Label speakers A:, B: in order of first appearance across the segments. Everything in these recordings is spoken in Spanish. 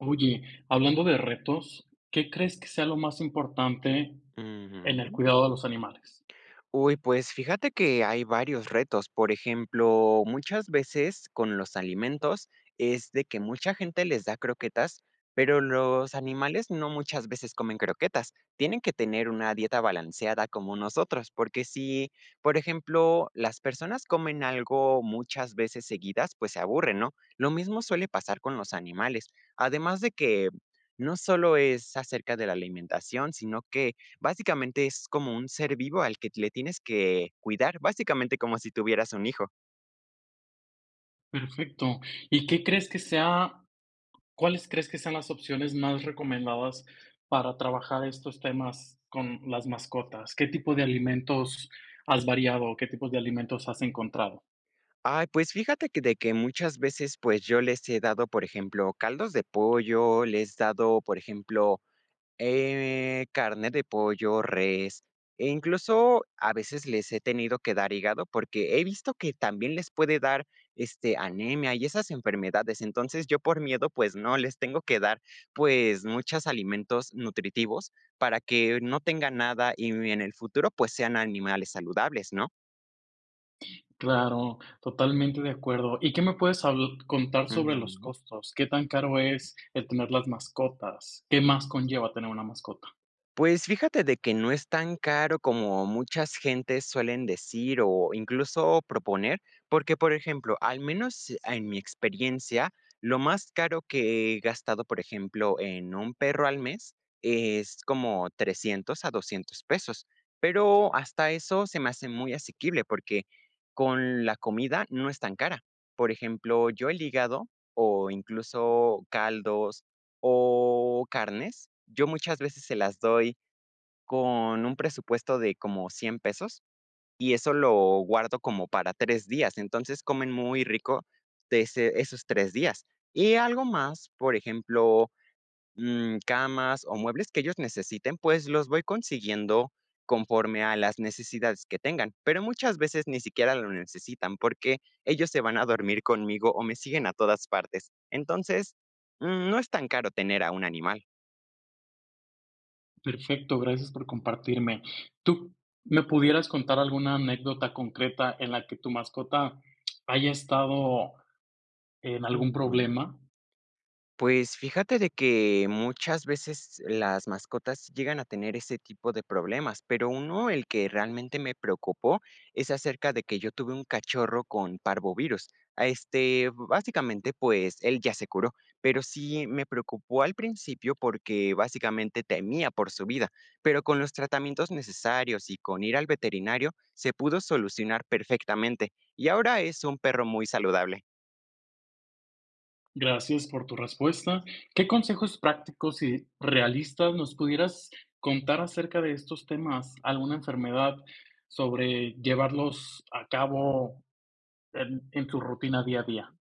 A: Oye, hablando de retos, ¿qué crees que sea lo más importante en el
B: Ujú.
A: cuidado de los animales?
B: Uy, pues, fíjate que hay varios retos. Por ejemplo, muchas veces, con los alimentos, es de que mucha gente les da croquetas, pero, los animales no muchas veces comen croquetas, tienen que tener una dieta balanceada como nosotros, porque, si, por ejemplo, las personas comen algo muchas veces seguidas, pues, se aburren, ¿no?, lo mismo suele pasar con los animales, además de que, no solo es acerca de la alimentación, sino que, básicamente, es como un ser vivo al que t le tienes que cuidar, básicamente, como si tuvieras un hijo.
A: Perfecto, ¿y qué crees que sea cuáles crees que sean las opciones más recomendadas para trabajar estos temas con las mascotas? ¿Qué tipo de alimentos has variado, o qué tipo de alimentos has encontrado?
B: Ay, pues, fíjate que de que muchas veces, pues, yo les he dado, por ejemplo, caldos de pollo, les dado, por ejemplo, eh, carne de pollo, res e incluso, a veces, les he tenido dar hígado, porque he visto que también les puede dar, este, anemia y esas enfermedades. Entonces, yo, por miedo, pues, no, les tengo que dar, pues, muchos alimentos nutritivos para que no tengan nada y, n en el futuro, pues, sean animales saludables, ¿no?
A: Claro, totalmente de acuerdo, ¿y qué me puedes habl contar sobre los
B: Ujú.
A: costos? ¿Qué tan caro es el tener las mascotas? ¿Qué más conlleva tener una mascota?
B: Pues fíjate de que no es tan caro como muchas gentes suelen decir o incluso proponer, porque, por ejemplo, al menos, ah, en mi experiencia, lo más caro que he gastado, por ejemplo, en un perro al mes, es como $300 a $200 pesos. Pero hasta eso se me hace muy asequible, porque con la comida no es tan cara. Por ejemplo, yo el hígado o incluso caldos o carnes, yo muchas veces se las doy con un presupuesto de como $100 pesos, y eso lo guardo como para 3 días. Entonces, comen muy rico de ese esos 3 días. Y algo más, por ejemplo, mm, camas o muebles que ellos necesiten, pues los voy consiguiendo conforme a las necesidades que tengan. Pero muchas veces ni siquiera lo necesitan, porque ellos se van a dormir conmigo o me siguen a todas partes. Entonces, mm, no es tan caro tener a un animal.
A: Perfecto, gracias por compartirme. ¿Tú p me pudieras contar alguna anécdota concreta en la que tu mascota haya estado en algún
B: Ujú.
A: problema?
B: Pues fíjate de que muchas veces las mascotas llegan a tener ese tipo de problemas, pero 1, el que realmente me preocupó, es acerca de que yo tuve un cachorro con parvovirus. Ah, este, básicamente, pues, él ya se curó, pero sí me preocupó al principio porque, básicamente, temía por su vida, pero con los tratamientos necesarios y con ir al veterinario, se pudo solucionar perfectamente, y ahora es un perro muy saludable.
A: Gracias por tu respuesta. ¿Qué consejos prácticos y realistas nos pudieras contar acerca de estos temas? ¿Alguna enfermedad sobre llevarlos a cabo en en su rutina día a día?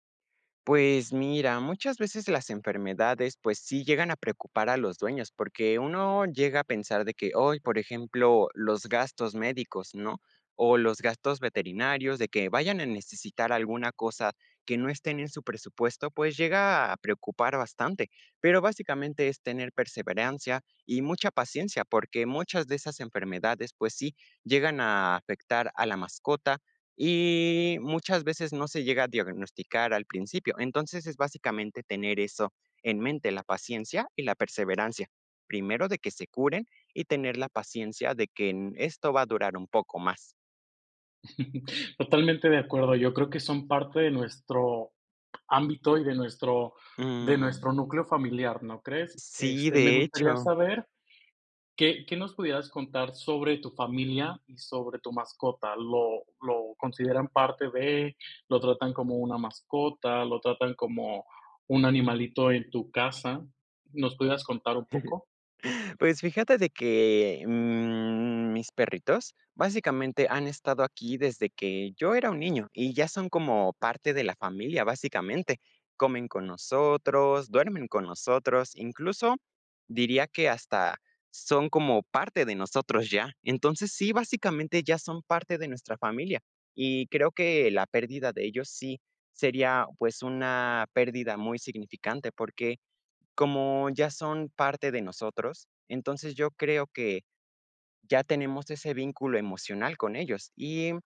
B: Pues mira, muchas veces las enfermedades, pues, sí llegan a preocupar a los dueños, porque uno llega a pensar de que, oy, por ejemplo, los gastos médicos, ¿no? O los gastos veterinarios de que vayan a necesitar alguna cosa que no estén en su presupuesto, pues, llega a preocupar bastante. Pero, básicamente, es tener perseverancia y mucha paciencia, porque muchas de esas enfermedades, pues sí, llegan a afectar a la mascota y muchas veces no se llega a diagnosticar al principio. Entonces, es básicamente tener eso en mente, la paciencia y la perseverancia. Primero, de que se curen y tener la paciencia de que, mm, esto va a durar un poco más.
A: Totalmente de acuerdo. Yo creo que son parte de nuestro ámbito y de nuestro de
B: Ujú.
A: nuestro núcleo familiar, ¿no crees?
B: Sí,
A: Este, me
B: de
A: gustaría
B: hecho.
A: saber, ¿qué qué nos pudieras contar sobre tu familia y sobre tu mascota? ¿Lo lo consideran parte de? ¿Lo tratan como una mascota? ¿Lo tratan como un animalito en tu casa? ¿Nos pudieras contar un poco?
B: Pues fíjate de que, mm, mis perritos, básicamente, han estado aquí desde que yo era un niño y ya son como parte de la familia, básicamente. Comen con nosotros, duermen con nosotros, incluso, diría que hasta son como parte de nosotros ya. Entonces, sí, básicamente, ya son parte de nuestra familia y creo que la pérdida de ellos sí sería, pues, una pérdida muy significante, porque como ya son parte de nosotros, entonces, yo creo que ya tenemos ese vínculo emocional con ellos. Y, mm,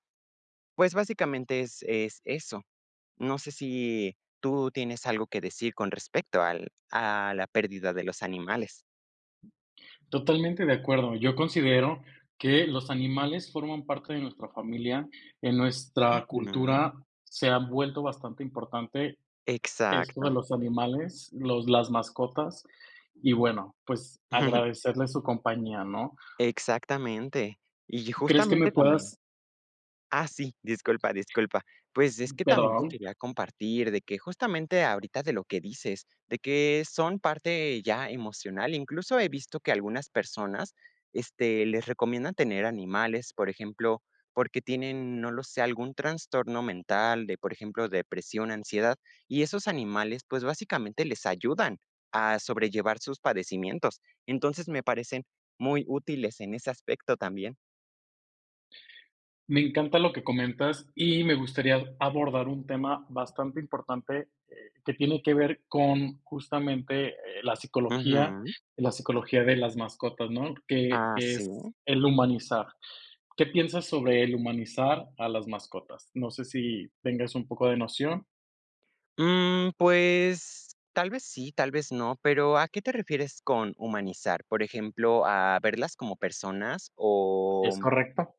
B: pues, básicamente, es-es eso. No sé si, tú tienes algo que decir con respecto al a la pérdida de los animales.
A: Totalmente de acuerdo, yo considero que los animales forman parte de nuestra familia, en nuestra
B: [unintelligible]
A: cultura se ha vuelto bastante importante esto de
B: Exacto.
A: los animales, los las mascotas y, bueno, pues agradecerle su compañía, ¿no?
B: Exactamente. Y
A: ¿Crees que me
B: justamente [unintelligible]
A: puedas?
B: Ah, sí, disculpa, disculpa. Pues, es
A: Mm,
B: que también te
A: perdón.
B: quería compartir de que justamente ahorita, de lo que dices, de que son parte ya emocional, incluso he visto que algunas personas, este, les recomiendan tener animales, por ejemplo, porque tienen, no lo sé, algún trastorno mental de, por ejemplo, depresión, ansiedad, y esos animales, pues, básicamente, les ayudan a sobrellevar sus padecimientos. Entonces, me parecen muy útiles en ese aspecto también.
A: Me encanta lo que comentas, y me gustaría abordar un tema bastante importante, eh, que tiene que ver con justamente, eh, la psicología
B: Ujú.
A: la psicología de las mascotas, ¿no? Que
B: Ah,
A: que es
B: ¿sí?
A: el humanizar. ¿Qué piensas sobre el humanizar a las mascotas? No sé si tengas un poco de noción.
B: Mm, pues, tal vez sí tal vez no, pero ¿a qué te refieres con humanizar? Por ejemplo, ¿a verlas como personas?, o
A: Es correcto.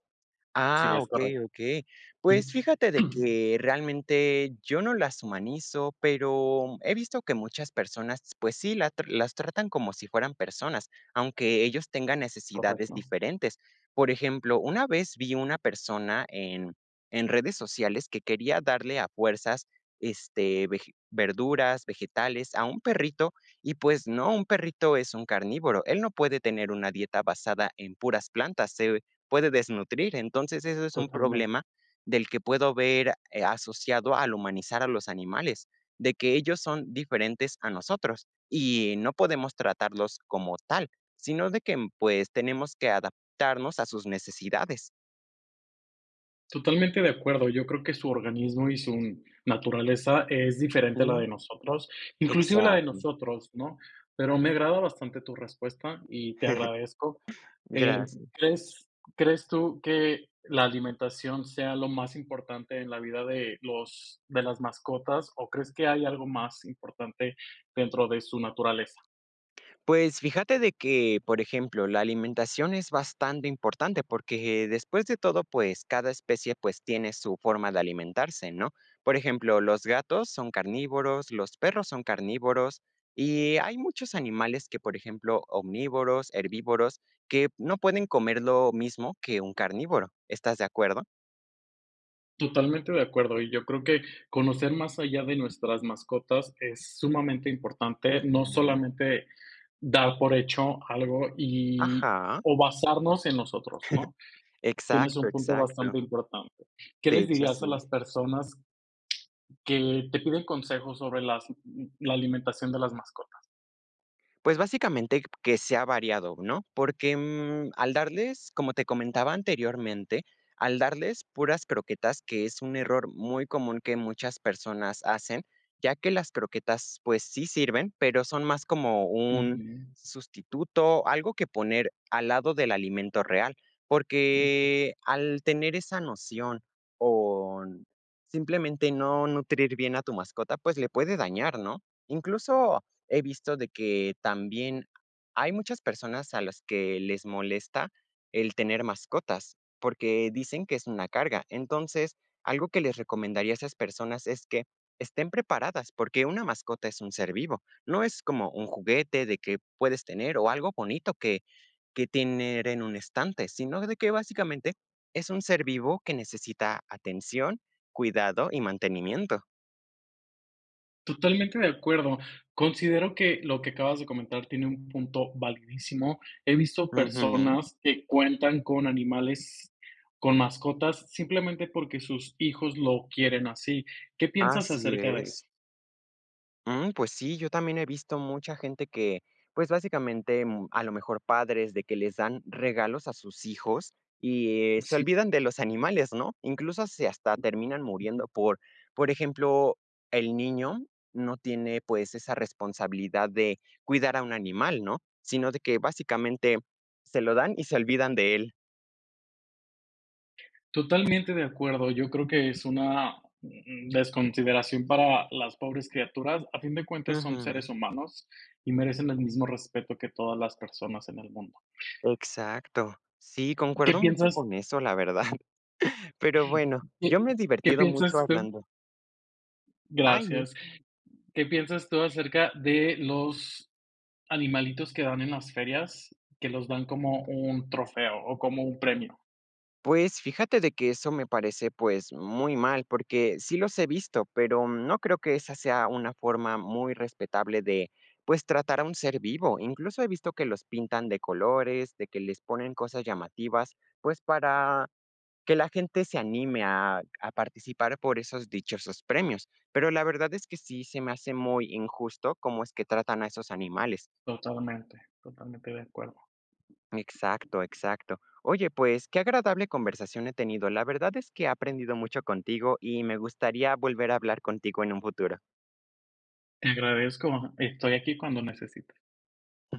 A: Sí,
B: ah,
A: es
B: okey,
A: correcto.
B: okey. Pues fíjate de que realmente yo no las humanizo, pero he visto que muchas personas, pues sí, la tra las tratan como si fueran personas, aunque ellos tengan necesidades
A: Correcto.
B: diferentes. Por ejemplo, una vez vi una persona en en redes sociales que quería darle a fuerzas, este, vege verduras, vegetales a un perrito, y pues no, un perrito es un carnívoro, él no puede tener una dieta basada en puras plantas, se puede desnutrir. Entonces, ese es un
A: Totalmente.
B: problema del que puedo ver eh, asociado al humanizar a los animales, de que ellos son diferentes a nosotros, y no podemos tratarlos como tal, sino de que, mm pues, tenemos que adaptarnos a sus necesidades.
A: Totalmente de acuerdo. Yo creo que su organismo y su naturaleza es diferente a la
B: Ujú.
A: de nosotros, inclusive la de
B: Exacto.
A: nosotros, ¿no? Pero me agrada bastante tu respuesta y te agradezco. Eh,
B: Gracias.
A: ¿crees crees tú que la alimentación sea lo más importante en la vida de los de las mascotas o crees que hay algo más importante dentro de su naturaleza?
B: Pues fíjate de que, por ejemplo, la alimentación es bastante importante porque, después de todo, pues, cada especie, pues, tiene su forma de alimentarse, ¿no? Por ejemplo, los gatos son carnívoros, los perros son carnívoros, y hay muchos animales que, por ejemplo, omnívoros, herbívoros, que no pueden comer lo mismo que un carnívoro, ¿estás de acuerdo?
A: Totalmente de acuerdo. Y yo creo que conocer más allá de nuestras mascotas es sumamente importante, no
B: Ujú.
A: solamente dar por hecho algo y
B: Ajá.
A: o basarnos en nosotros, ¿no?, tienes
B: Exacto,
A: un punto
B: exacto.
A: bastante importante, ¿qué
B: De
A: les
B: hecho,
A: dirías a
B: sí.
A: las personas, que te piden consejos sobre las la alimentación de las mascotas?
B: Pues, básicamente, que sea variado, ¿no?, porque, mm, al darles, como te comentaba anteriormente, al darles puras croquetas, que es un error muy común que muchas personas hacen, ya que las croquetas, pues, sí sirven, pero, son más como un
A: Ujú.
B: sustituto, algo que poner al lado del alimento real.
A: Okey.
B: Porque, al tener esa noción o n simplemente, no nutrir bien a tu mascota, pues, le puede dañar, ¿no?, incluso, he visto de que también, hay muchas personas a las que les molesta el tener mascotas, porque dicen que es una carga. Entonces, algo que les recomendaría a esas personas es que, estén preparadas, porque una mascota es un ser vivo. No es como un juguete de que puedes tener, o algo bonito que que tener en un estante, sino, de que básicamente, es un ser vivo que necesita atención, cuidado y mantenimiento.
A: Totalmente de acuerdo. Considero que lo que acabas de comentar, tiene un punto validísimo. He visto
B: Ujú.
A: personas que cuentan con animales, con mascotas, simplemente, porque sus hijos lo quieren así, ¿qué piensas
B: Así
A: acerca de
B: es.
A: eso?
B: Mm, pues sí, yo también he visto mucha gente que, pues, básicamente, mm, a lo mejor padres de que les dan regalos a sus hijos, y, eh, se
A: Sí.
B: olvidan de los animales, ¿no?, incluso, se hasta terminan muriendo, por por ejemplo, el niño no tiene, pues, esa responsabilidad de cuidar a un animal, ¿no?, sino de que, básicamente, se lo dan y se olvidan de él.
A: Totalmente de acuerdo, yo creo que es una, mm, desconsideración para las pobres criaturas. A fin de cuentas, son
B: Ujú.
A: seres humanos y merecen el mismo respeto que todas las personas en el mundo.
B: Exacto. Sí,
A: ¿Qué
B: concuerdo mucho
A: piensas?
B: con eso, la verdad. Pero bueno,
A: ¿Qué
B: yo me he
A: qué
B: divertido mucho
A: piensas tú?
B: hablando. ¡Ay, no!
A: Gracias, ¿qué piensas tú acerca de los animalitos que dan en las ferias, que los dan como un trofeo o como un premio?
B: Pues, fíjate de que eso me parece, pues, muy mal, porque sí los he visto, pero, mm, no creo que esa sea una forma muy respetable de, pues, tratar a un ser vivo, incluso he visto que los pintan de colores, de que les ponen cosas llamativas, pues, para que la gente se anime a a participar por esos dichosos premios. Pero, la verdad es que sí, se me hace muy injusto cómo es que tratan a esos animales.
A: Totalmente, totalmente de acuerdo.
B: Exacto, exacto. Oye, pues, qué agradable conversación he tenido, la verdad es que he aprendido mucho contigo y me gustaría volver a hablar contigo en un futuro.
A: Te agradezco, estoy aquí cuando necesites.
B: Ujú.